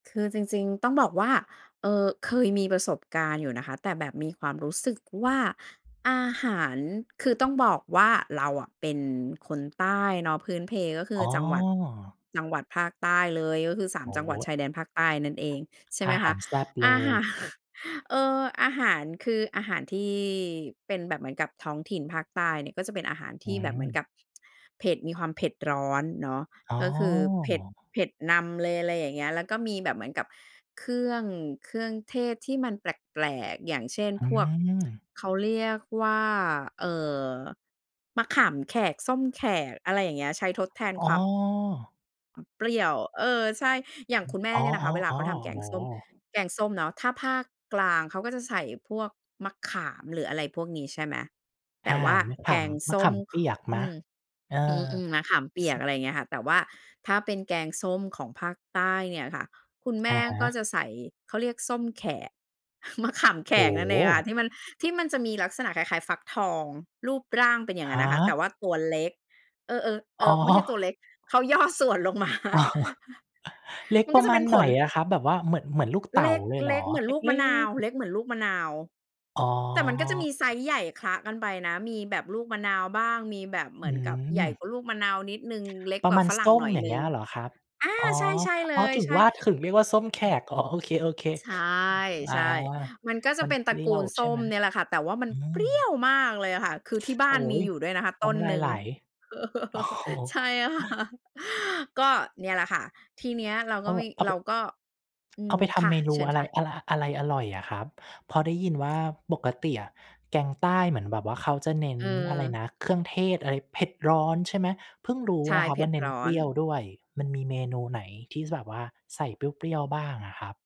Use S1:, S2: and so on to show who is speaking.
S1: คือจริง ๆ ต้องบอกว่า เอ่อ เคยมีประสบการณ์อยู่นะคะ แต่แบบมีความรู้สึกว่าอาหาร คือต้องบอกว่าเราอะเป็นคนใต้เนาะ พื้นเพก็คื
S2: อ๋
S1: อจังหวัด
S2: อ
S1: จังหวัดภาคใต้เลย ก็คือ สา
S2: โ
S1: ม
S2: อ้
S1: จังห
S2: โ
S1: ว
S2: ฮ
S1: ัดชายแดนภาคใต้นั่นเอง ใช่
S2: อ
S1: ไหม
S2: าห
S1: ค
S2: า
S1: ะ
S2: รแซ่บเล
S1: อา หาร
S2: ย
S1: เออ อาหารคืออาหารที่เป็นแบบเหมือนกับท้องถิ่นภาคใต้เนี่ย ก็จะเป็นอาหารท
S2: อื
S1: ี่แบบเหมือนก
S2: ม
S1: ับเผ็ด มีความเผ็ดร้อนเนาะ
S2: อ๋
S1: ก็คือเผ็ด
S2: อ
S1: เผ็ดนำเลย อะไรอย่างเงี้ย แล้วก็มีแบบเหมือนกับเครื่อง เครื่องเทศที่มันแปลก ๆ อย่างเช่น
S2: อื
S1: พวก
S2: ม
S1: เขาเรียกว่า เอ่อ มะขามแขก ส้มแขก อะไรอย่างเงี้ย ใช้ทดแทน
S2: อ๋
S1: ความ
S2: อ
S1: เปรี้ยว เออ ใช่ อย่างคุณแม่
S2: อ๋อ
S1: เนี่ยนะคะ เวลาเขาท
S2: ๆ
S1: ำแก
S2: ๆ โอ
S1: ง
S2: ้
S1: ส้
S2: โ
S1: ม
S2: ฮ
S1: แกงส้มเนาะถ้าภาคกลางเขาก็จะใส่พวกมะขาม หรืออะไรพวกนี้ ใช่ไหม? แต
S2: อา
S1: ่ว่า
S2: มะข
S1: แกง
S2: ำ ม
S1: ส
S2: ะข
S1: ้ม
S2: ามเ
S1: ข
S2: ปียกไห
S1: อ
S2: ม?
S1: ืม
S2: เออ
S1: อืม ๆ มะขามเปี
S2: ซ
S1: ยก อะไรอย่างเงี้ยค่ะ แต่ว่าถ้าเป็นแกงส้มของภาคใต้เนี่ยค่ะ คุณแม
S2: อะ
S1: ่
S2: ฮ
S1: ก็
S2: ะ
S1: จะใส่ เขาเรียกส้มแขก มะขามแข
S2: โอ้
S1: กนั่น
S2: โ
S1: เองค่ะ ท
S2: ฮ
S1: ี่มัน ที่มันจะมีลักษณะคล้าย ๆ ฟักทองรูปร่างเป็นอย่า
S2: ฮ
S1: งนั้นนะคะ แต
S2: ะ
S1: ่ว่าตัวเล็ก เออ ๆ เ
S2: อ
S1: อ
S2: ๋
S1: อ ไม่ใช่ตั
S2: อ
S1: วเล็ก เขาย่อ ส่วนลงมา
S2: เล็ก
S1: มัน
S2: ป
S1: ก
S2: ร
S1: ็
S2: ะ
S1: จ
S2: ม
S1: ะเ
S2: า
S1: ป็
S2: ณ
S1: นผ
S2: ไหน
S1: ล
S2: อะครับ? แบบว่าเหมือน เหมือนลูกเต
S1: เ
S2: ๋
S1: ล
S2: า
S1: ็ก
S2: เลยเห
S1: เ
S2: ร
S1: ล็
S2: อ?
S1: กเหมือน
S2: เล็
S1: ลู
S2: ก
S1: ก
S2: เล
S1: ม
S2: ้
S1: ะนาว
S2: ก
S1: เล็กเหมือนลูกมะนาว
S2: อ๋
S1: แต่มันก็จะม
S2: อ
S1: ีไซซ์ใหญ่คละกันไปนะ มีแบบลูกมะนาวบ้าง มีแบบเหม
S2: อื
S1: ือนกับใหญ่ก
S2: ม
S1: ว่าลูกมะนาวนิดหนึ่ง เล็ก
S2: ปร
S1: ก
S2: ะ
S1: ว่า
S2: มาณ
S1: ฝรั
S2: ส
S1: ่ง
S2: ้
S1: ห
S2: ม
S1: น่อย
S2: อย่า
S1: หน
S2: งเ
S1: ึ
S2: ง
S1: ่
S2: ี้
S1: ง
S2: ย เหรอครับ?
S1: อา
S2: อ๋อ
S1: ใช่ ใช่เ
S2: อ
S1: ล
S2: ๋อ
S1: ย
S2: ถึง
S1: ใช่
S2: ว่า ถึงเรียกว่าส้มแขก อ๋อ โอเค
S1: ใช่
S2: ๆ อา
S1: ใช่ มันก็จะ
S2: มัน
S1: เป็น
S2: เ
S1: ต
S2: ป
S1: ระ
S2: รี้
S1: ก
S2: ย
S1: ู
S2: ว
S1: ลส
S2: ใช
S1: ้
S2: ่ไหม?
S1: มเนี่ยแหละค่ะ แต่ว่ามัน
S2: อื
S1: เปรี้ย
S2: ม
S1: วมากเลยอะค่ะ คือที่บ้
S2: โ
S1: า
S2: อ๊
S1: นมี
S2: ย
S1: อยู่ด้วยนะคะ
S2: น
S1: ต
S2: ้
S1: ้น
S2: ำลา
S1: หน
S2: ย
S1: ึ่
S2: ไ
S1: ง
S2: หล โอ้โฮ
S1: ใช่ ค่ะ ก็เนี่ยแหละค่ะ ทีเนี้ยเรา
S2: เอ
S1: ก็
S2: า
S1: มี
S2: เอา
S1: เร
S2: ป
S1: าก็ อื
S2: เอา
S1: ม
S2: ไปท
S1: ค
S2: ำ
S1: ่ะ
S2: เมน
S1: เ
S2: ู
S1: ชิญ
S2: อะไร
S1: ค่ะ
S2: อะไร อะไรอร่อยอะครับ? พอได้ยินว่าปกติอะแกงใต้เหมือนแบบว่าเขาจะเน้น
S1: เ
S2: อะไรน
S1: ออ
S2: ะ เครื่องเทศอะไร เผ็ดร้อนใช่ไหม? เพิ่งรู้
S1: ใช่
S2: นะครั
S1: เผ
S2: บ
S1: ็
S2: ว่
S1: ด
S2: า เน้
S1: ร
S2: น
S1: ้อ
S2: เปร
S1: น
S2: ี้ยวด้วย มันมีเมนูไหนที่ ส แบบว่าใส่เปรี้ยว ๆ บ้างอะครับ?